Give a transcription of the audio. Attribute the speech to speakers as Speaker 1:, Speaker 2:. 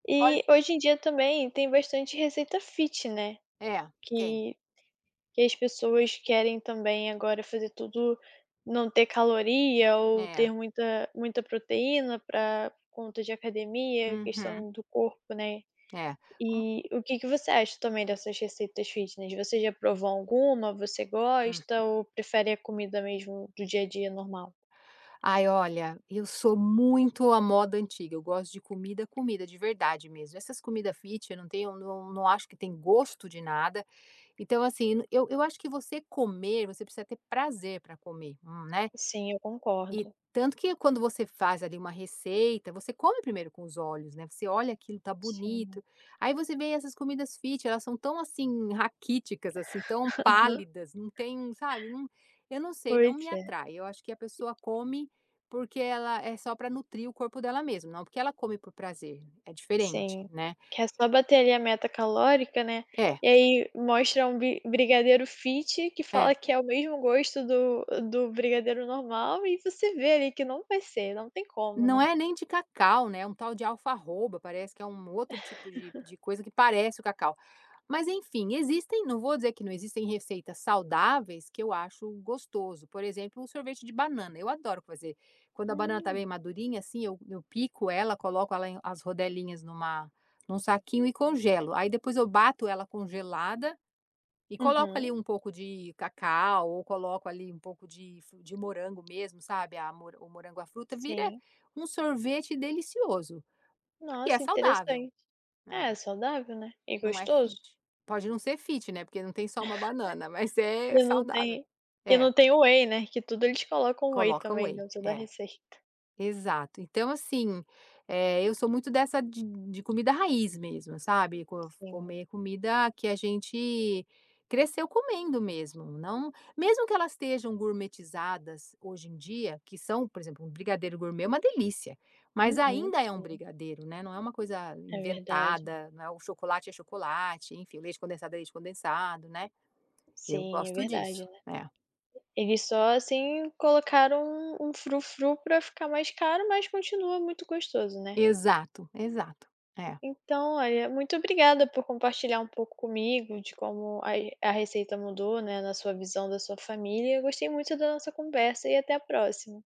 Speaker 1: Olhe
Speaker 2: E, hoje em dia também, tem bastante receita fit, né.
Speaker 1: É, tem.
Speaker 2: Que que as pessoas querem também agora fazer tudo não ter caloria ou ter
Speaker 1: É.
Speaker 2: muita muita proteína pra conta de academia.
Speaker 1: Uhum.
Speaker 2: Questão do corpo, né.
Speaker 1: É, hum
Speaker 2: Eh, o que que você acha também dessas receitas fitness, você já provou alguma, você
Speaker 1: Hum.
Speaker 2: gosta, ou prefere a comida mesmo do dia a dia normal?
Speaker 1: Ai olha. Eu sou muito à moda antiga. Eu gosto de comida, comida de verdade mesmo. Essas comida fit, eu não tenho eu não não acho que tem gosto de nada. Então, assim, eu eu acho que você comer, você precisa ter prazer pra comer. Um né?
Speaker 2: Sim, eu
Speaker 1: E,
Speaker 2: concordo.
Speaker 1: tanto que quando você faz ali uma receita, você come primeiro com os olhos, né. Você olha aquilo, tá
Speaker 2: Sim.
Speaker 1: bonito. Aí, você vê essas comidas fit elas são tão, assim, raquíticas, assim, tão
Speaker 2: Aham.
Speaker 1: pálidas. Não tem um sabe um eu não sei, não
Speaker 2: Pois
Speaker 1: me
Speaker 2: é.
Speaker 1: atrai. Eu acho que a pessoa come, porque ela é só pra nutrir o corpo dela mesmo. Não porque ela come por prazer, é diferente,
Speaker 2: Sim,
Speaker 1: né.
Speaker 2: que é só bater ali a meta calórica, né.
Speaker 1: É.
Speaker 2: E aí, mostra um bi brigadeiro fit que fala
Speaker 1: É.
Speaker 2: que é o mesmo gosto do-do brigadeiro normal. E você vê ali que não vai ser, não tem como,
Speaker 1: Não
Speaker 2: né.
Speaker 1: é nem de cacau, né. "Um tal de alfarroba" parece que é um, outro tipo de de coisa que parece o cacau. Mas enfim, existem, não vou dizer que não existem receitas saudáveis que eu acho gostoso. Por exemplo, o sorvete de banana. Eu adoro fazer, quando a banana tá bem
Speaker 2: Hum.
Speaker 1: madurinha, assim, eu eu pico ela, coloco ela em as rodelinhas numa num saquinho e congelo. Aí depois eu bato ela congelada, e coloco ali
Speaker 2: Uhum.
Speaker 1: um pouco de cacau ou coloco ali um pouco de fru de morango mesmo sabe, a mo o morango a fruta vira,
Speaker 2: Sim.
Speaker 1: um sorvete delicioso. Porque é
Speaker 2: Nossa
Speaker 1: saudável.
Speaker 2: interessante.
Speaker 1: É.
Speaker 2: É saudável, né, e
Speaker 1: Não é
Speaker 2: gostoso.
Speaker 1: fit. Pode não ser fit, né. Porque não tem, só uma banana. Mas é
Speaker 2: E não
Speaker 1: saudável.
Speaker 2: tem e
Speaker 1: É.
Speaker 2: não tem whey, né, que tudo eles colocam whey
Speaker 1: Coloca
Speaker 2: também
Speaker 1: whey,
Speaker 2: dentro da
Speaker 1: é.
Speaker 2: receita.
Speaker 1: Exato, então assim, eh, eu sou muito dessa de de comida raiz mesmo sabe. Co
Speaker 2: Sim.
Speaker 1: comer comida, que a gente, cresceu comendo mesmo não mesmo que elas estejam "gourmetizadas" hoje em dia. Que são por exemplo. Um brigadeiro gourmet é uma delícia. Mas,
Speaker 2: Uhum,
Speaker 1: ainda é um
Speaker 2: sim.
Speaker 1: brigadeiro, né, não é uma coisa
Speaker 2: É verdade.
Speaker 1: inventada, né, o chocolate é chocolate, enfim, o leite condensado é leite condensado, né, eu
Speaker 2: Sim, é
Speaker 1: gosto
Speaker 2: verdade,
Speaker 1: disso,
Speaker 2: né.
Speaker 1: é.
Speaker 2: Eles só assim colocaram um um frufru pra ficar mais caro, mas, continua muito gostoso, né.
Speaker 1: Exato, exato. É.
Speaker 2: Então olha, muito obrigada por compartilhar um pouco comigo, de como a a receita mudou, né, na sua visão da sua família. Eu gostei muito da nossa conversa, e até a próxima.